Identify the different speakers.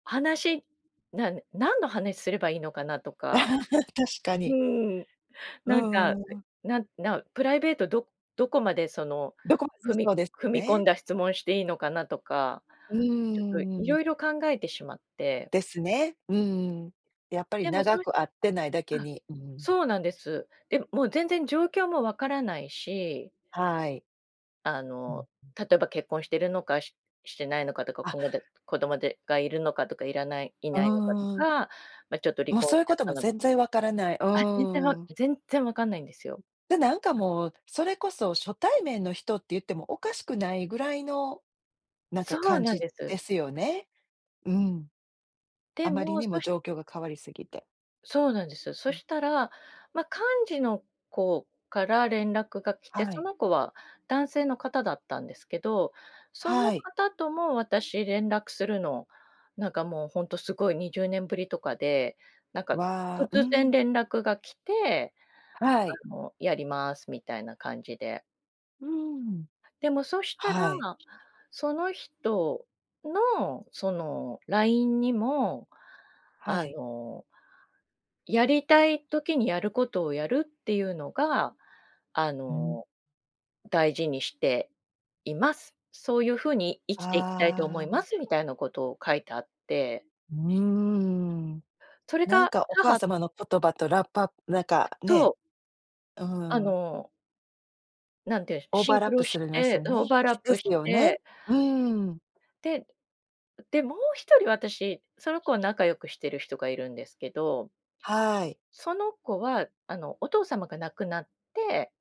Speaker 1: 話、なん何の話すればいいのかなとか。
Speaker 2: 確か
Speaker 1: う
Speaker 2: に。
Speaker 1: ーん、
Speaker 2: う
Speaker 1: なんか、
Speaker 2: ーん。
Speaker 1: なんなプライベート、どどこまで、その
Speaker 2: 何処も普
Speaker 1: 踏
Speaker 2: 通そ
Speaker 1: み
Speaker 2: うですよ
Speaker 1: 踏み込ん
Speaker 2: ね。
Speaker 1: だ質問していいのかなとか、
Speaker 2: う
Speaker 1: ちょっと
Speaker 2: ーん。
Speaker 1: 色々考えてしまって。
Speaker 2: ですね。うん、やっぱり
Speaker 1: でも、そ
Speaker 2: 長
Speaker 1: うい
Speaker 2: く会ってないだけ
Speaker 1: あ、
Speaker 2: に、うん。
Speaker 1: そうなんです。で、もう全然状況も分からないし
Speaker 2: はい。
Speaker 1: あ
Speaker 2: うん、
Speaker 1: の、
Speaker 2: うん。
Speaker 1: 例えば、結婚してるのかししてしないのかとか、
Speaker 2: あ
Speaker 1: こんがだ子供でがいるのかとか、いらないい
Speaker 2: う
Speaker 1: ないのかと
Speaker 2: ーん。
Speaker 1: か、ま、ちょっと離
Speaker 2: もう、
Speaker 1: 婚
Speaker 2: そう
Speaker 1: し
Speaker 2: いう
Speaker 1: ちゃっ
Speaker 2: 事
Speaker 1: た
Speaker 2: も
Speaker 1: の
Speaker 2: 全然分からない。う
Speaker 1: あ、全然
Speaker 2: ー
Speaker 1: わ
Speaker 2: ん。
Speaker 1: 全然分かんないんですよ。
Speaker 2: で、なんかもう、それこそ初対面の人って言っても、おかしくないぐらいの、なん
Speaker 1: そ
Speaker 2: か
Speaker 1: う
Speaker 2: 感
Speaker 1: なん
Speaker 2: じ
Speaker 1: で
Speaker 2: で
Speaker 1: す。
Speaker 2: すよね。うん。
Speaker 1: で
Speaker 2: あまり
Speaker 1: も、
Speaker 2: にも
Speaker 1: そし
Speaker 2: 状況が変わり過ぎて。
Speaker 1: そうなんですよ。そ
Speaker 2: うん。
Speaker 1: したら、ま、幹事の子から連絡が来て、
Speaker 2: は
Speaker 1: そ
Speaker 2: い。
Speaker 1: の子は男性の方だったんですけど、その
Speaker 2: はい。
Speaker 1: 方とも、私連絡するの、なんか、もう本当凄い20年振りとかで、なんか
Speaker 2: わ、う
Speaker 1: 突然
Speaker 2: ん。
Speaker 1: 連絡が来て、
Speaker 2: はい。
Speaker 1: あ、もうやります、みたいな感じで。
Speaker 2: うーん。
Speaker 1: でも、そしたら、
Speaker 2: はい。
Speaker 1: その人の、そのラインにも、
Speaker 2: は
Speaker 1: あ
Speaker 2: い。
Speaker 1: のやりたい時に、やる事をやるっていうのが、あ
Speaker 2: うん。
Speaker 1: の、大事にしています。そういう風に生きていきたいと思い
Speaker 2: あ
Speaker 1: ま
Speaker 2: あ。
Speaker 1: す、みたいな事を書いてあって
Speaker 2: うーん、
Speaker 1: それ
Speaker 2: なん
Speaker 1: が
Speaker 2: か、お母
Speaker 1: 母
Speaker 2: 様の言葉とラップアッなんか、
Speaker 1: と
Speaker 2: ね、
Speaker 1: う。
Speaker 2: う
Speaker 1: あ
Speaker 2: ん。
Speaker 1: のなんて、
Speaker 2: オー
Speaker 1: シ
Speaker 2: バー
Speaker 1: ン
Speaker 2: ラ
Speaker 1: ク
Speaker 2: ッ
Speaker 1: ロ
Speaker 2: プす
Speaker 1: し
Speaker 2: るます
Speaker 1: て、
Speaker 2: よ
Speaker 1: オー
Speaker 2: ね。
Speaker 1: バーラッ
Speaker 2: で
Speaker 1: プ
Speaker 2: す
Speaker 1: し
Speaker 2: よね。
Speaker 1: て
Speaker 2: うーん。
Speaker 1: で、で、もう一人私、その子は仲良くしてる人がいるんですけど
Speaker 2: はい。
Speaker 1: その子は、あの、お父様が亡くなって